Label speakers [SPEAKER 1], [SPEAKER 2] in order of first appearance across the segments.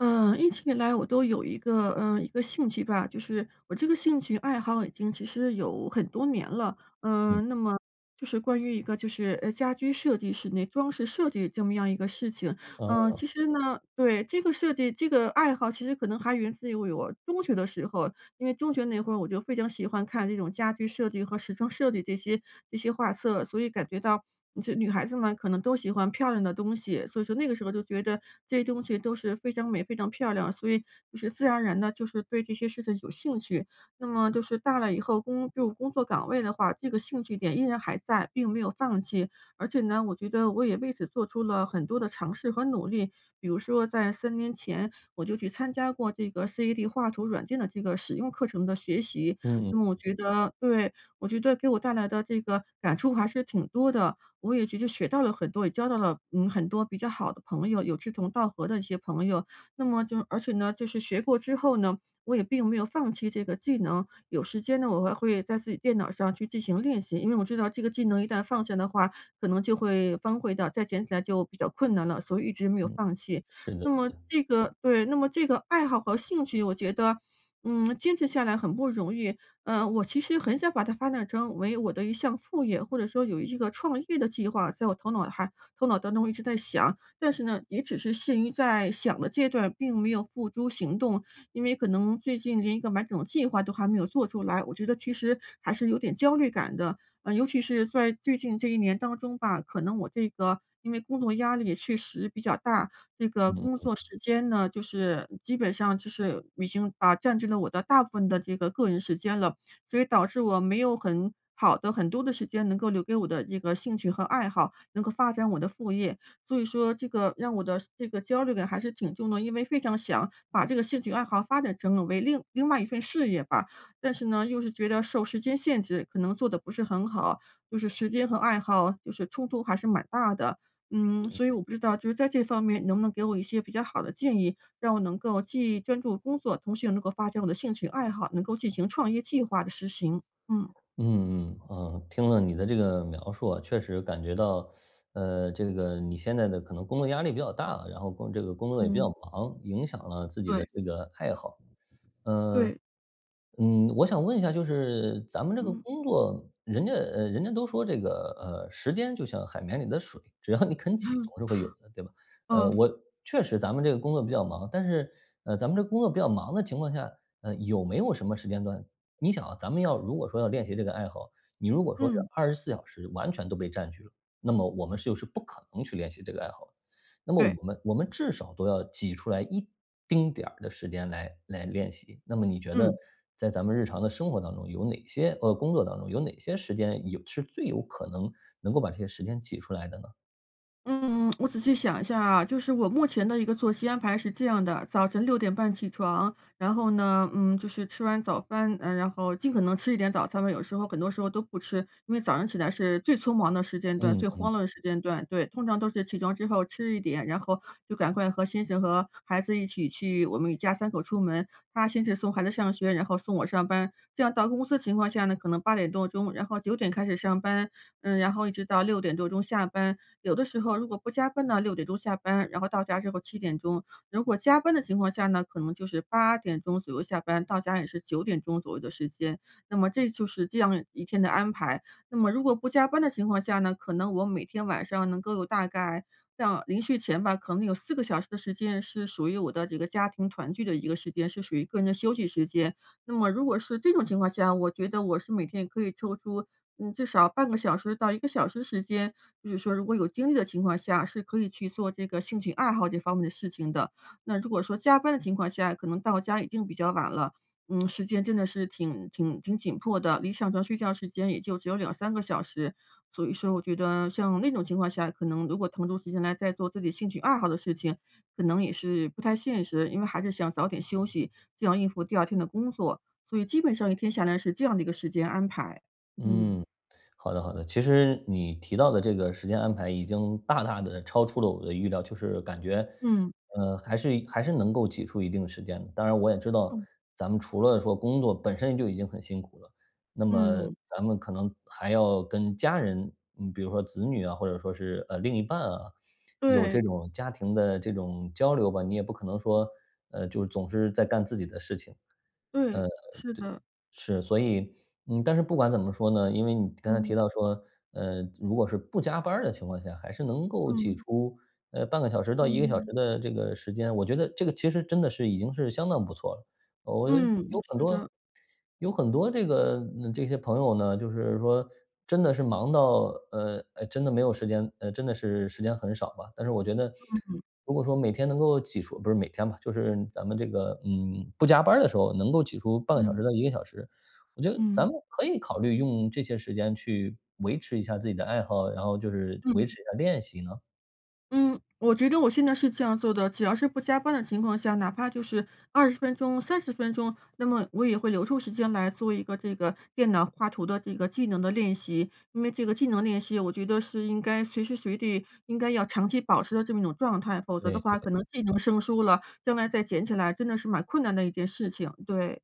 [SPEAKER 1] 嗯，一直以来我都有一个呃，一个兴趣吧，就是我这个兴趣爱好已经其实有很多年了，
[SPEAKER 2] 嗯。
[SPEAKER 1] 嗯，那么就是关于一个就是呃，家居设计、室内装饰设计这么样一个事情。呃，
[SPEAKER 2] 嗯。
[SPEAKER 1] 其实呢对，这个设计这个爱好，其实可能还源自于我中学的时候，因为中学那会儿我就非常喜欢看这种家居设计和时装设计这些这些画册。所以感觉到这女孩子嘛，可能都喜欢漂亮的东西，所以说那个时候就觉得，这些东西都是非常美、非常漂亮，所以就是自然而然的，就是对这些事情有兴趣。那么就是大了以后工就工作岗位的话，这个兴趣点依然还在，并没有放弃。而且呢，我觉得我也为此做出了很多的尝试和努力，比如说在3年前，我就去参加过这个 CAD 画图软件的这个使用课程的学习。
[SPEAKER 2] 嗯。
[SPEAKER 1] 那么我觉得对，我觉得给我带来的这个感触还是挺多的。我也其实学到了很多，也交到了嗯，很多比较好的朋友，有志同道合的一些朋友。那么就而且呢，就是学过之后呢，我也并没有放弃这个技能，有时间呢，我还会在自己电脑上去进行练习。因为我知道这个技能一旦放下的话，可能就会荒废掉，再捡起来就比较困难了，所以一直没有
[SPEAKER 2] 嗯，
[SPEAKER 1] 放弃。
[SPEAKER 2] 是的
[SPEAKER 1] 那
[SPEAKER 2] 是
[SPEAKER 1] 么
[SPEAKER 2] 的。
[SPEAKER 1] 这个对，那么这个爱好和兴趣，我觉得，嗯，坚持下来很不容易，呃，我其实很想把它发展成为我的一项副业，或者说有一个创业的计划在我头脑还头脑当中一直在想。但是呢，也只是限于在想的阶段，并没有付诸行动。因为可能最近连一个完整的计划都还没有做出来，我觉得其实还是有点焦虑感的。啊，尤其是在最近这1年当中吧，可能我这个因为工作压力确实比较大，这个工
[SPEAKER 2] 嗯。
[SPEAKER 1] 作时间呢，就是基本上就是已经把占据了我的大部分的这个个人时间了。所以导致我没有很好的很多的时间，能够留给我的这个兴趣和爱好，能够发展我的副业，所以说这个让我的这个焦虑感还是挺重的。因为非常想把这个兴趣爱好发展成了为另另外一份事业吧，但是呢，又是觉得受时间限制，可能做得不是很好，就是时间和爱好，就是冲突还是蛮大的。嗯，
[SPEAKER 2] 嗯。
[SPEAKER 1] 所以我不知道就是在这方面能不能给我一些比较好的建议，让我能够既专注工作，同时又能够发展我的兴趣爱好，能够进行创业计划的实行，嗯。
[SPEAKER 2] 嗯，呃，听了你的这个描述啊，确实感觉到，呃，这个你现在的可能工作压力比较大，然后工这个工作也比较
[SPEAKER 1] 嗯。
[SPEAKER 2] 忙，影响了自己的
[SPEAKER 1] 对。
[SPEAKER 2] 这个爱好。呃，
[SPEAKER 1] 对。
[SPEAKER 2] 嗯，我想问一下就是咱们这个
[SPEAKER 1] 嗯。
[SPEAKER 2] 工作，人家呃，人家都说这个，呃：“时间就像海绵里的水，只要你肯挤 总是会有的。”对吧？呃，
[SPEAKER 1] 嗯。
[SPEAKER 2] 我确实咱们这个工作比较忙，但是，呃，咱们这个工作比较忙的情况下，呃，有没有什么时间段你想啊，咱们要如果说要练习这个爱好，你如果说是
[SPEAKER 1] 嗯。
[SPEAKER 2] 24小时完全都被占据了，那么我们是就是不可能去练习这个爱好的。那么
[SPEAKER 1] 对。
[SPEAKER 2] 我们我们至少都要挤出来一丁点儿的时间来来练习，那么你觉得
[SPEAKER 1] 嗯。
[SPEAKER 2] 在咱们日常的生活当中，有哪些呃，工作当中，有哪些时间，有是最有可能，能够把这些时间挤出来的呢？
[SPEAKER 1] 嗯，我仔细想一下啊，就是我目前的一个作息安排是这样的。早晨6:30起床，然后呢，嗯，就是吃完早饭，然后尽可能吃一点早餐吧，有时候很多时候都不吃，因为早上起来是最匆忙的时间段、
[SPEAKER 2] 嗯
[SPEAKER 1] 最
[SPEAKER 2] 嗯。
[SPEAKER 1] 慌乱的时间段，对。通常都是起床之后吃一点，然后就赶快和先生和孩子一起去，我们一家3口出门。他先是送孩子上学，然后送我上班。这样到公司的情况下呢，可能8点多钟，然后9点开始上班。嗯，然后一直到6点多钟下班，有的时候如果不加班呢，6点钟下班，然后到家之后7点钟。如果加班的情况下呢，可能就是8点钟左右下班，到家也是9点钟左右的时间。那么这就是这样一天的安排。那么如果不加班的情况下呢，可能我每天晚上能够有大概像临睡前吧，可能有4个小时的时间是属于我的这个家庭团聚的一个时间，是属于个人的休息时间。那么如果是这种情况下，我觉得我是每天可以抽出，嗯，至少半个小时到1个小时的时间，就是说如果有精力的情况下，是可以去做这个兴趣爱好这方面的事情的。那如果说加班的情况下，可能到家已经比较晚了，嗯，时间真的是挺挺挺紧迫的，离上床睡觉时间也就只有2-3个小时。所以说我觉得像那种情况下，可能如果腾出时间来再做自己兴趣爱好的事情，可能也是不太现实，因为还是想早点休息，这样应付第2天的工作。所以基本上一天下来是这样的一个时间安排，嗯。
[SPEAKER 2] 嗯，好的好的，其实你提到的这个时间安排已经大大地超出了我的预料，就是感觉，
[SPEAKER 1] 嗯。
[SPEAKER 2] 呃，还是一还是能够挤出一定的时间的。当然我也知道，
[SPEAKER 1] 哦。
[SPEAKER 2] 咱们除了说工作本身就已经很辛苦了，那么
[SPEAKER 1] 嗯。
[SPEAKER 2] 咱们可能还要跟家人，嗯，比如说子女啊，或者说是，呃，另一半啊，有这
[SPEAKER 1] 对。
[SPEAKER 2] 种家庭的这种交流吧，你也不可能说，
[SPEAKER 1] 嗯。
[SPEAKER 2] 呃，就是总是在干自己的事情。
[SPEAKER 1] 对，
[SPEAKER 2] 呃，
[SPEAKER 1] 是
[SPEAKER 2] 对，
[SPEAKER 1] 的。
[SPEAKER 2] 是，所以嗯，但是不管怎么说呢，因为你刚才提
[SPEAKER 1] 嗯。
[SPEAKER 2] 到说，呃，如果是不加班儿的情况下，还是能够挤
[SPEAKER 1] 嗯。
[SPEAKER 2] 出，呃，半个小时到1个小时
[SPEAKER 1] 嗯。
[SPEAKER 2] 的这个时间，我觉得这个其实真的是已经是相当不错了。我有
[SPEAKER 1] 嗯，
[SPEAKER 2] 很
[SPEAKER 1] 是
[SPEAKER 2] 多
[SPEAKER 1] 的。
[SPEAKER 2] 有很多这个这些朋友呢，就是说真的是忙到，呃，呃真的没有时间，呃，真的是时间很少吧。但是我觉得
[SPEAKER 1] 嗯。
[SPEAKER 2] 如果说每天能够挤出不是每天吧，就是咱们这个，嗯，不加班儿的时候能够挤出半个小
[SPEAKER 1] 嗯。
[SPEAKER 2] 时到1个小时，我觉得咱们
[SPEAKER 1] 嗯。
[SPEAKER 2] 可以考虑用这些时间去维持一下自己的爱好，然后就是维
[SPEAKER 1] 嗯。
[SPEAKER 2] 持一下练习呢。
[SPEAKER 1] 嗯，我觉得我现在是这样做的。只要是不加班的情况下哪怕就是20分钟、30分钟，那么我也会留出时间来做一个这个电脑画图的这个技能的练习。因为这个技能练习我觉得是应该随时随地应该要长期保持的这么一种状态。否则
[SPEAKER 2] 对
[SPEAKER 1] 的
[SPEAKER 2] 对。
[SPEAKER 1] 话，可能技能生疏了，将来再捡起来真的是蛮困难的一件事情，对。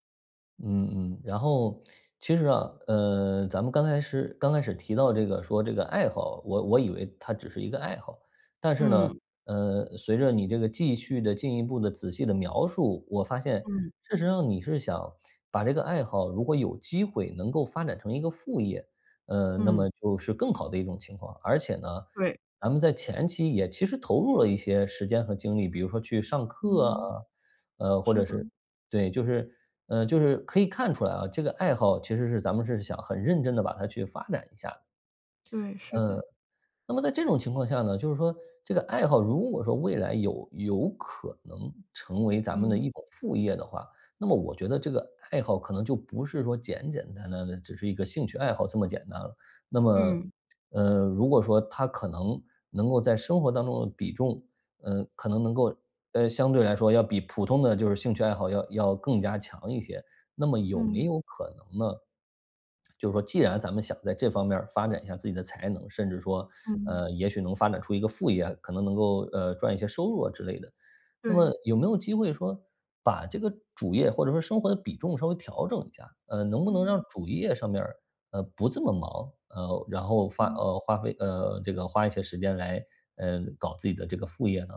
[SPEAKER 2] 嗯嗯，然后，其实啊，呃，咱们刚开始刚开始提到这个说这个爱好，我我以为它只是一个爱好。但是呢，
[SPEAKER 1] 嗯。
[SPEAKER 2] 呃，随着你这个继续地进一步地仔细的描述，我发现
[SPEAKER 1] 嗯。
[SPEAKER 2] 事实上你是想把这个爱好，如果有机会能够发展成一个副业。呃，那么
[SPEAKER 1] 嗯。
[SPEAKER 2] 就是更好的一种情况。而且呢，
[SPEAKER 1] 对。
[SPEAKER 2] 咱们在前期也其实投入了一些时间和精力。比如说去上课啊，
[SPEAKER 1] 嗯。
[SPEAKER 2] 呃，或
[SPEAKER 1] 是
[SPEAKER 2] 者
[SPEAKER 1] 的。
[SPEAKER 2] 是对，就是，呃，就是可以看出来啊，这个爱好其实是咱们是想很认真地把它去发展一下的。
[SPEAKER 1] 对，是
[SPEAKER 2] 呃，
[SPEAKER 1] 的。
[SPEAKER 2] 那么在这种情况下呢就是说这个爱好如果说未来有有可能成为咱们的
[SPEAKER 1] 嗯。
[SPEAKER 2] 一种副业的话，那么我觉得这个爱好可能就不是说简简单单的只是一个兴趣爱好这么简单了。那么，
[SPEAKER 1] 嗯。
[SPEAKER 2] 呃，如果说它可能能够在生活当中的比重，呃，可能能够，呃，相对来说要比普通的就是兴趣爱好要要更加强一些。那么有没
[SPEAKER 1] 嗯。
[SPEAKER 2] 有可能呢，就是说既然咱们想在这方面儿发展一下自己的才能，甚至说，
[SPEAKER 1] 嗯。
[SPEAKER 2] 呃，也许能发展出一个副业，可能能够，呃，赚一些收入啊之类的，那么
[SPEAKER 1] 对。
[SPEAKER 2] 有没有机会说把这个主业或者说生活的比重稍微调整一下，呃，能不能让
[SPEAKER 1] 嗯。
[SPEAKER 2] 主业上面儿，呃，不这么忙，呃，然后花
[SPEAKER 1] 嗯。
[SPEAKER 2] 呃花费，呃，这个花一些时间来，呃，搞自己的这个副业呢？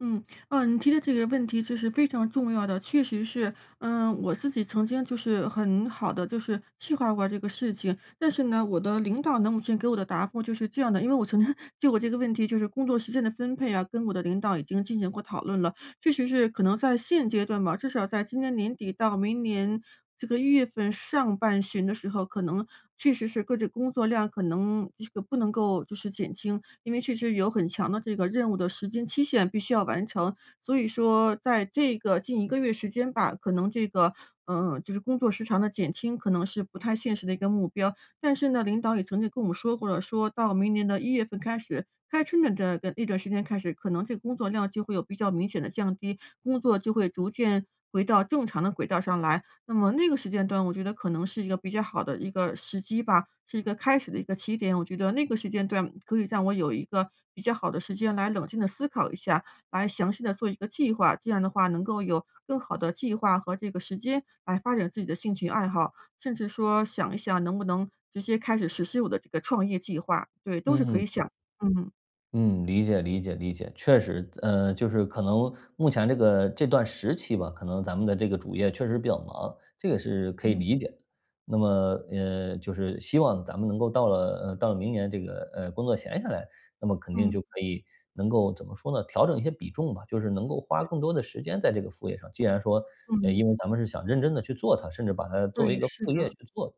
[SPEAKER 1] 嗯，嗯，你提的这个问题就是非常重要的，确实是。呃，我自己曾经就是很好的，就是计划过这个事情，但是呢，我的领导呢，目前给我的答复就是这样的，因为我曾经就我这个问题，就是工作时间的分配啊，跟我的领导已经进行过讨论了，确实是可能在现阶段吧，至少在今年年底到明年这个一月份上半旬的时候，可能，确实是个这工作量可能这个不能够就是减轻，因为确实有很强的这个任务的时间期限必须要完成。所以说在这个近1个月时间吧，可能这个，呃，就是工作时长的减轻可能是不太现实的一个目标。但是呢，领导也曾经跟我们说过了，说到明年的一月份开始，开春了的的那段时间开始，可能这工作量就会有比较明显的降低，工作就会逐渐回到正常的轨道上来。那么那个时间段我觉得可能是一个比较好的一个时机吧，是一个开始的一个起点，我觉得那个时间段可以让我有一个比较好的时间来冷静地思考一下，来详细地做一个计划，这样的话能够有更好的计划和这个时间来发展自己的兴趣爱好，甚至说想一想能不能直接开始实施我的这个创业计划。对，都是可以
[SPEAKER 2] 嗯。
[SPEAKER 1] 想，嗯。
[SPEAKER 2] 嗯，理解理解理解。确实，自呃，就是可能目前这个这段时期吧，可能咱们的这个主业确实比较忙，这个是可以
[SPEAKER 1] 嗯。
[SPEAKER 2] 理解的。那么，呃，就是希望咱们能够到了，嗯，到了明年这个，呃，工作闲下来，那么肯定就
[SPEAKER 1] 嗯。
[SPEAKER 2] 可以能够怎么说呢，调整一些比重吧，就是能够花
[SPEAKER 1] 对。
[SPEAKER 2] 更多的时间在这个副业上，既然说，呃，
[SPEAKER 1] 嗯。
[SPEAKER 2] 因为咱们是想认真地去做它，甚至把它作为一
[SPEAKER 1] 对，
[SPEAKER 2] 个
[SPEAKER 1] 是
[SPEAKER 2] 副业
[SPEAKER 1] 的。
[SPEAKER 2] 去做。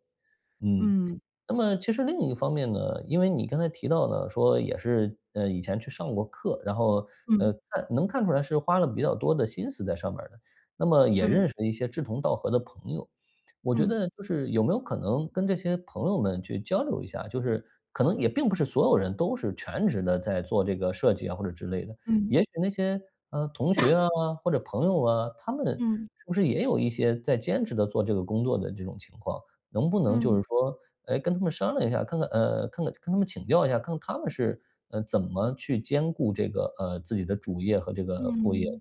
[SPEAKER 2] 嗯，
[SPEAKER 1] 嗯。
[SPEAKER 2] 那么其实另一方面呢，因为你刚才提到的说也是，嗯，以前去上过课，然后，呃，
[SPEAKER 1] 嗯。
[SPEAKER 2] 看能看出来是花了比较多的心思在上面儿的，那么也
[SPEAKER 1] 对。
[SPEAKER 2] 认识了一些志同道合的朋友。我觉
[SPEAKER 1] 嗯。
[SPEAKER 2] 得就是有没有可能跟这些朋友们去交流一下，就是可能也并不是所有人都是全职地在做这个设计啊或者之类的，
[SPEAKER 1] 嗯。
[SPEAKER 2] 也许那些，呃，同学 啊、或者朋友啊，他们
[SPEAKER 1] 嗯。
[SPEAKER 2] 是不是也有一些在兼职地做这个工作的这种情况？能不能就是
[SPEAKER 1] 嗯。
[SPEAKER 2] 说，哎，跟他们商量一下，看看呃，看看跟他们请教一下，看看他们是，呃，怎么去兼顾这个，呃，自己的主业和这个副业。
[SPEAKER 1] 嗯，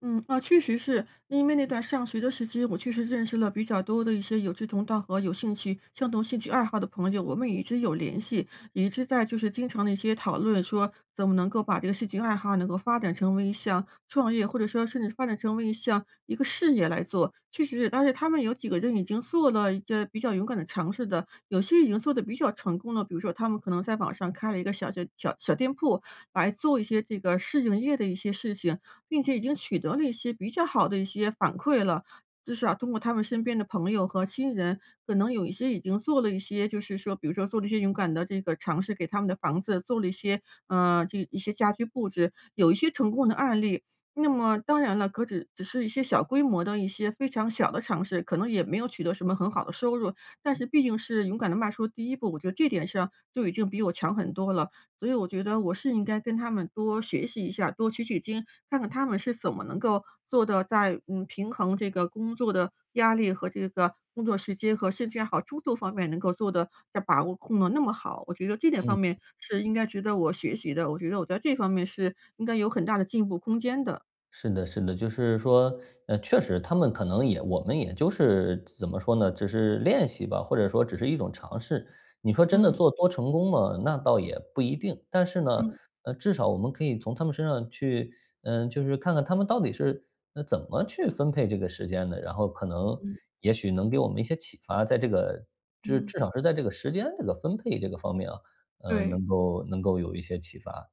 [SPEAKER 1] 嗯，啊，确实是，因为那段上学的时期，我确实认识了比较多的一些有志同道合、有兴趣相同兴趣爱好的朋友，我们也一直有联系，也一直在就是经常地一些讨论说，怎么能够把这个兴趣爱好能够发展成为一项创业，或者说甚至发展成为一项一个事业来做，确实是但是他们有几个人已经做了一个比较勇敢的尝试的，有些已经做得比较成功的，比如说他们可能在网上开了一个小小小小店铺，来做一些这个试营业的一些事情，并且已经取得了一些比较好的一些反馈了。至少通过他们身边的朋友和亲人，可能有一些已经做了一些就是说比如说做了一些勇敢的这个尝试，给他们的房子做了一些，呃，这一些家居布置，有一些成功的案例。那么当然了，可只只是一些小规模的一些非常小的尝试，可能也没有取得什么很好的收入，但是毕竟是勇敢地迈出第一步，我觉得这点上就已经比我强很多了，所以我觉得我是应该跟他们多学习一下，多取取经，看看他们是怎么能够做到在，呃，平衡这个工作的压力和这个工作时间和兴趣爱好，诸多方面能够做得在把握控得那么好。我觉得这点方
[SPEAKER 2] 嗯。
[SPEAKER 1] 面是应该值得我学习的，我觉得我在这一方面是应该有很大的进步空间的。
[SPEAKER 2] 是的是的，就是说，呃，确实他们可能也我们也就是怎么说呢，就是练习吧，或者说只是一种尝试。你说真的
[SPEAKER 1] 嗯。
[SPEAKER 2] 做多成功吗，那倒也不一定。但是呢，
[SPEAKER 1] 嗯。
[SPEAKER 2] 呃，至少我们可以从他们身上去，嗯，就是看看他们到底是，嗯，怎么去分配这个时间的，然后可能，
[SPEAKER 1] 嗯。
[SPEAKER 2] 也许能给我们一些启发，在这个就是
[SPEAKER 1] 嗯。
[SPEAKER 2] 至少是在这个时间这个分配这个方面啊，嗯，
[SPEAKER 1] 对。
[SPEAKER 2] 能够能够有一些启发。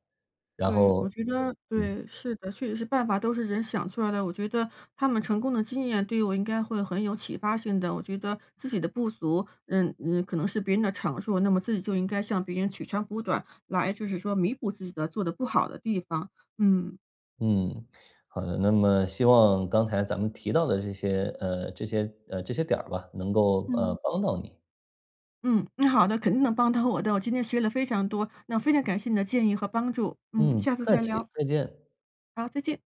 [SPEAKER 2] 然
[SPEAKER 1] 对，
[SPEAKER 2] 后
[SPEAKER 1] 我觉得
[SPEAKER 2] 嗯。
[SPEAKER 1] 对，是的，确实是办法都是人想出来的。我觉得，他们成功的经验对于我应该会很有启发性的，我觉得自己的不足，嗯嗯，可能是别人的长处，那么自己就应该向别人取长补短，来就是说弥补自己的做得不好的地方。嗯。
[SPEAKER 2] 嗯，好的。那么希望刚才咱们提到的这些，呃这些，呃这些点儿吧，能够，呃，
[SPEAKER 1] 嗯。
[SPEAKER 2] 帮到你。
[SPEAKER 1] 嗯，那好的，肯定能帮到我的，我今天学了非常多。那非常感谢你的建议和帮助。嗯，
[SPEAKER 2] 嗯，不
[SPEAKER 1] 下次
[SPEAKER 2] 客
[SPEAKER 1] 再
[SPEAKER 2] 气，
[SPEAKER 1] 聊。
[SPEAKER 2] 再见。
[SPEAKER 1] 好，再见。